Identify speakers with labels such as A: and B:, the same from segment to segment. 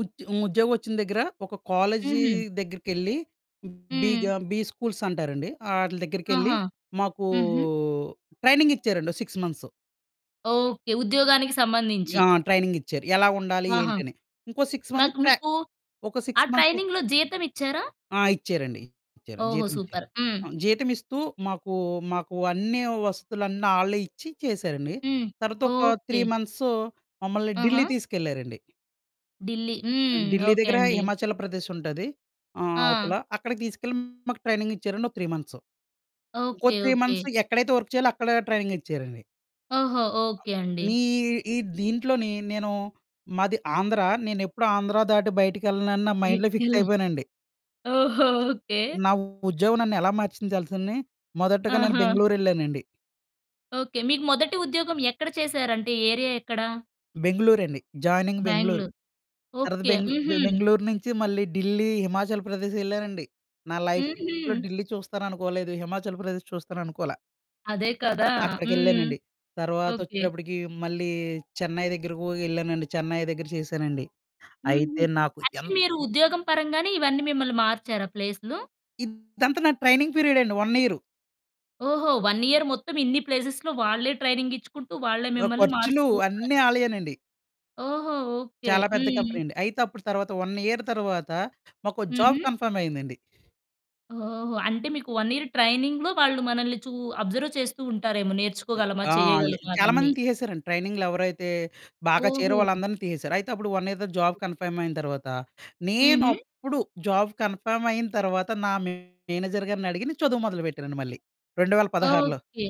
A: ఉ ఉద్యోగం వచ్చిన దగ్గర ఒక కాలేజి
B: హుహు.
A: దగ్గరికెళ్ళి బిగ
B: హ్మ్.
A: బి స్కూల్స్ అంటారండి. ఆటిల దగ్గరికెళ్ళి
B: ఆహా!
A: మాకూ
B: హుహు.
A: ట్రైనింగ్ ఇచ్చారండి. ఓ 6 మంత్సు.
B: ఓకె. ఉద్యోగానికి సంబంధించి.
A: ఆ! ట్రైనింగ్ ఇచ్చారు. ఎలా ఉండాలి
B: ఆహా!
A: ఏంటి అని, ఇంకో 6 మంత్స్
B: మాకు
A: ప్ర
B: మీకు
A: ఒక
B: ఆ
A: 6 మంత్స్
B: ట్రైనింగ్‌లో జీతం ఇచ్చారా?
A: ఆ! ఇచ్చారండి. ఇచ్చారు
B: ఓహో!
A: జీతం ఇచ్చారు.
B: సూపర్. హ్మ్.
A: ఆహ్, జీతమిస్తూ మాకు, మాకు అన్నీ వసతులన్నీ ఆళ్ళే ఇచ్చి చేసారండి.
B: హ్మ్.
A: తరువాత ఒక 3
B: ఓకె.
A: మంత్సు మమ్మల్ని ఢిల్లీ
B: ఆహా!
A: తీసుకెళ్లారండి.
B: ఢిల్లీ.
A: ఆ!
B: హ్మ్,
A: ఢిల్లీ
B: ఓకె
A: దగ్గర
B: అండి.
A: హిమాచల్ ప్రదేశ్ ఉంటాది. ఆహ్, అవతల
B: ఆ!
A: అక్కడికి తీసుకెళ్ళి మాకు ట్రైనింగ్ ఇచ్చారండి. ఒక 3 మంత్సు. ఇంకో
B: ఓకె.
A: 3
B: ఓకె.
A: మంత్స్ ఎక్కడైతే వర్క్ చేయాలో అక్కడే ట్రైనింగ్ ఇచ్చారండి.
B: ఓహో!
A: అ
B: ఓకె అండి.
A: నీ ఈ దీంట్లోని నేను మాది ఆంధ్ర, నేనెప్పుడూ ఆంధ్రా దాటి బయటికెళ్ళనని నా మైండ్‌లో ఫిక్స్
B: బయటికెళ్ళాలి.
A: అయిపోయానండి.
B: ఓహో! ఓకె.
A: నా ఉద్యోగం నన్ను ఎలా మార్చించాల్సింది. మొదటగా నేను
B: ఆహా!
A: బెంగుళూరెళ్ళానండి.
B: ఓకె. మీకు మొదటి ఉద్యోగం ఎక్కడ చేసారంటే ఏరియా ఎక్కడ?
A: బెంగుళూరండి. జాయినింగ్ బెంగుళూరు.
B: బెంగ్‌ళూరు
A: తర్వాత
B: ఓకె. హ్మ్
A: బె
B: హ్మ్.
A: బెంగుళూరు నుంచి మళ్ళీ ఢిల్లీ, హిమాచల్ ప్రదేశ్ ఎళ్ళానండి. నా లైఫ్‌లో
B: హుహు.
A: ఢిల్లీ చూస్తాననుకోలేదు, హిమాచల్ ప్రదేశ్ చూస్తాను అనుకోల.
B: అదే కదా! హ్మ్.
A: అక్కడికెళ్ళానండి. తర్వాత
B: ఓకె.
A: వచ్చేటప్పటికి మళ్ళీ చెన్నై దగ్గరకు వెళ్ళానండి. చెన్నై దగ్గర చేసానండి.
B: హ్మ్
A: అయితే
B: హ్మ్,
A: నాకు
B: అంటే
A: ఎంత్
B: మీరు ఉద్యోగం పరంగానే ఇవన్నీ మిమ్మల్ని మార్చారా ప్లేసులు.
A: ఇదంతా నా ట్రైనింగ్ పీరియడ్ అండి 1 ఇయరు.
B: ఓహో! 1 యియర్ మొత్తం ఇన్ని ప్లేసెస్‌లో వాళ్ళే ట్రైనింగ్ ఇచ్చుకుంటూ, వాళ్ళే
A: ఆ!
B: మిమ్మల్ని
A: ఖర్చులు
B: మారుస్తూ ఉన్నారు.
A: అన్నీ ఆలయ్యెనండి.
B: ఓహో! ఓకె,
A: చాలా పెద్ద
B: హ్మ్.
A: కంపెనీ అండి. అయితే అప్పుడు తర్వాత 1 ఇయర్ తరువాత మాకు జాబ్
B: హుహు.
A: కన్ఫర్మ్ అయిందండి.
B: ఓహో! అంటే మీకు 1 యియర్ ట్రైనింగ్‌లో వాళ్ళు మనల్ని చూ అబ్జర్వ్ చేస్తూ ఉంటారేమో.
A: అ
B: నేర్చుకోగలమా,
A: ఆ! లే
B: చేయగలమా అవన్నీ.
A: చాలామందిని తీసేసారండి. ట్రైనింగ్‌లో ఎవరైతే బాగా చేరే
B: ఓహో!
A: వాళ్ళందరిని తీసేసారు. అయితే అప్పుడు 1 ఇయర్‌ తరువాత జాబ్
B: ఓకే.
A: కన్ఫర్మ్ అయిన తర్వాత.
B: హుహు.
A: నేనప్పుడు, జాబ్ కన్ఫర్మ్ అయిన తరువాత నా మేనేజర్ గారిని అడిగి నేను చదువు మొదలుపెట్టానండి మళ్ళీ 2016లో.
B: ఓకె.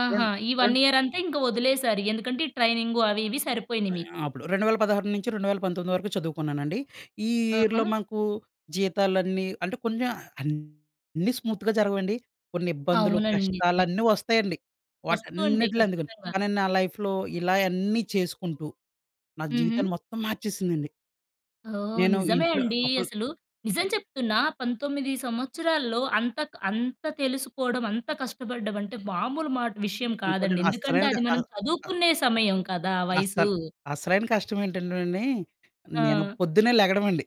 B: ఆహా!
A: రెన్
B: ఈ 1
A: రెన్
B: ఇయర్ అంతా ఇంక వదిలేసారు ఎందుకంటే ఈ ట్రైనింగు అవి ఇవి సరిపోయినాయి మీకు.
A: ఆ! అప్పుడు 2016 నుంచి 2019 వరకు చదువుకున్నానండి. ఈ ఇయర్‌లో
B: ఆహా!
A: మాకు జీతాలన్నీ అంటే కొంచెం అన్నీ స్మూత్‌గా జరగవండి. కొన్ని ఇబ్బందులు,
B: అవునండి నిజమే.
A: కష్టాలన్నీ వస్తాయండి.
B: వస్తుంటాయి.
A: వాటన్నిటిలో అందుక
B: ఖచ్చితంగా.
A: కానీ నా లైఫ్‌లో ఇలా అన్నీ చేసుకుంటూ, నా జీవితం
B: హుహు.
A: మొత్తం మార్చేసిందండి.
B: ఓహ్!
A: నేను
B: నిజమే
A: ఇంట్లో
B: అండి.
A: అపుల్
B: అసలు నిజం
A: కట్టే
B: చెప్తున్నా 19 సంవత్సరాల్లో అంత అంత తెలుసుకోవడం అంత కష్టపడడం అంటే, మామూలు మాట విషయం
A: ఇంకోటి
B: కాదండి. ఎందుకంటే
A: అస్సలైనది.
B: అది
A: అ
B: మనం
A: అ
B: చదువుకునే సమయం కదా! వయసు.
A: అస్సల్ అసలైన కష్టం ఏంటంటే అండి. నేను
B: ఆ!
A: పొద్దున్నే లెగడం అండి.